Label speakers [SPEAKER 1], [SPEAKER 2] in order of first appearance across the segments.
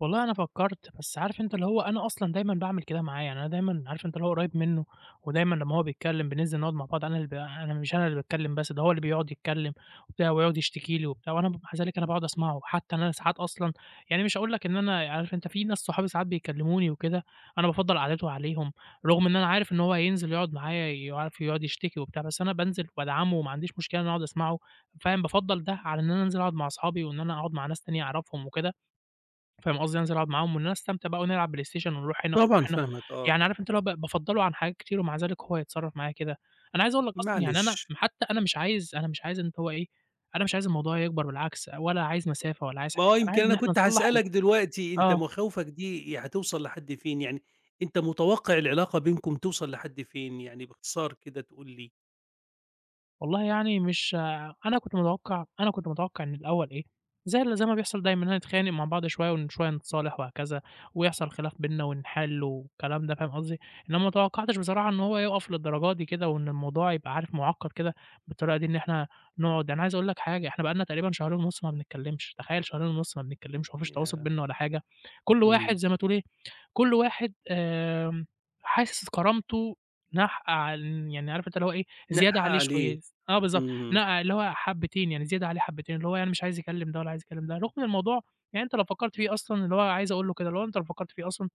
[SPEAKER 1] والله أنا فكّرت، بس عارف أنت اللي هو أنا أصلًا دايمًا باعمل كده معاه، يعني أنا دايمًا عارف أنت اللي هو قُريّب منّه ودايمًا لمّا هو بيتكلّم بننزل نقعد مع بعض أنا اللي ب أنا مش أنا اللي باتكلّم بس ده هو اللي بيقعد يتكلّم وبتاع ويقعد يشتكي لي وبتاع وأنا بابقى مع ذلك باقعد أسمعه. حتّى إن أنا ساعات أصلًا يعني أنا مش هاقول لك إن أنا ي عارف أنت في ناس صحابي ساعات بيكلّموني وكده أنا بافضّل قعدته عليهم، رغم إن أنا عارف إن هو هينزل يقعد معايا ي عارف يقعد يشتكي وبتاع. بس أنا بانزل وادعمه وما عنديش مشكلة أنا أقعد أسمعه فاهم؟ بافضّل ده على إن أنا أنزل أقعد مع اصحابي وإن أنا أقعد مع ناس تانية أعرفهم وكده، فاهم قصدي؟ أنزل أقعد معاهم وإن أنا أستمتع بقى ونلعب بلايستيشن ونروح هنا ونرُوح
[SPEAKER 2] طبعًا
[SPEAKER 1] هنا.
[SPEAKER 2] فاهمك، آه
[SPEAKER 1] يعني
[SPEAKER 2] طب
[SPEAKER 1] عارف أنت اللي هو ب بافضّله عن حاجات كتير ومع ذلك هو يتصرّف معايا كده! أنا عايز أقول لك أصلًا يعني أنا
[SPEAKER 2] معلش.
[SPEAKER 1] م حتّى أنا مش عايز أنا مش عايز إن هو إيه، أنا مش عايز الموضوع يكبر بالعكس، ولا عايز مسافة ولا عايز
[SPEAKER 2] ما
[SPEAKER 1] [unintelligible]
[SPEAKER 2] هو
[SPEAKER 1] أنا
[SPEAKER 2] يمكن
[SPEAKER 1] عايز إن
[SPEAKER 2] أنا
[SPEAKER 1] إحنا
[SPEAKER 2] كنت
[SPEAKER 1] نصلّح ال
[SPEAKER 2] هاسألك دلوقتي أنت
[SPEAKER 1] آه.
[SPEAKER 2] مخاوفك دي ي هتوصل لحد فين؟ يعني أنت متوقّع العلاقة بينكم توصل لحد فين؟ يعني باختصار كده تقول لي.
[SPEAKER 1] والله يعني مش ع أنا كنت متوقّع أنا كنت متوقّع من الأول إيه، زي ال زي ما بيحصل دايمًا، إنّنا نتخانق مع بعض شوية وشوية نتصالح وهكذا ويحصَل خلاف بيننا ونحل والكلام ده فاهم قصدي؟ إنما ما توقّعتش بصراحة إن هو يوقف للدرجة دي كده وإن الموضوع يبقى عارف مُعقّد كده بالطريقة دي إن إحنا نقعد أنا عايز أقول لك حاجة، إحنا بقى لنا تقريبًا شهرين ونُص ما بنتكلّمش. تخيل شهرين ونُص ما بنتكلّمش وما فيش تواصل
[SPEAKER 2] ياه!
[SPEAKER 1] بيننا ولا حاجة. كل واحد
[SPEAKER 2] اهم.
[SPEAKER 1] زي ما تقول إيه، كل واحد آمم حاسس كرامته ناقحة عل يعني عارف أنت اللي هو إيه، زيادة
[SPEAKER 2] ناقحة
[SPEAKER 1] عليه
[SPEAKER 2] عليه.
[SPEAKER 1] شوية س آه بالضبط.
[SPEAKER 2] اهم.
[SPEAKER 1] نقع اللي هو حبّتين، يعني زيادة عليه حبّتين اللي هو يعني مش عايز يكلّم ده ولا عايز يكلّم ده. رغم الموضوع يعني أنت لو فكّرت فيه أصلًا اللي هو عايز أقول له كده اللي هو أنت لو فكّرت فيه أصلًا،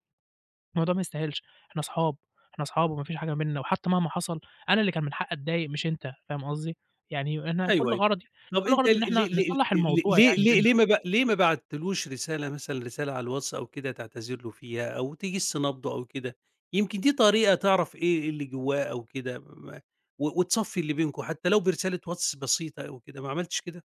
[SPEAKER 1] الموضوع ما يستاهلش، إحنا أصحاب، إحنا أصحاب وما فيش حاجة ما بيننا وحتّى مهما حصل أنا اللي كان من حقّي أتضايق مش أنت فاهم قصدي؟ يعني أنا
[SPEAKER 2] أيوه،
[SPEAKER 1] كل
[SPEAKER 2] أيوه.
[SPEAKER 1] غرضي
[SPEAKER 2] طب
[SPEAKER 1] كل
[SPEAKER 2] أنت ل
[SPEAKER 1] غرضي إن
[SPEAKER 2] ل
[SPEAKER 1] إحنا
[SPEAKER 2] ل ل
[SPEAKER 1] نصلّح
[SPEAKER 2] ل
[SPEAKER 1] الموضوع
[SPEAKER 2] ليه
[SPEAKER 1] يعني
[SPEAKER 2] ليه
[SPEAKER 1] بيننا.
[SPEAKER 2] ليه ما ب ليه ما بعتّلوش رسالة مثلًا رسالة على الواتس أو كده تعتذر له فيها أو تِجِس نبضه أو كده؟ يمكن دي طريقة تعرف إيه إيه اللي جوّاه أو كده م ما و وتصفّي اللي بينكم حتّى لو برسالة واتس بسيطة أو كده ما عملتش كده؟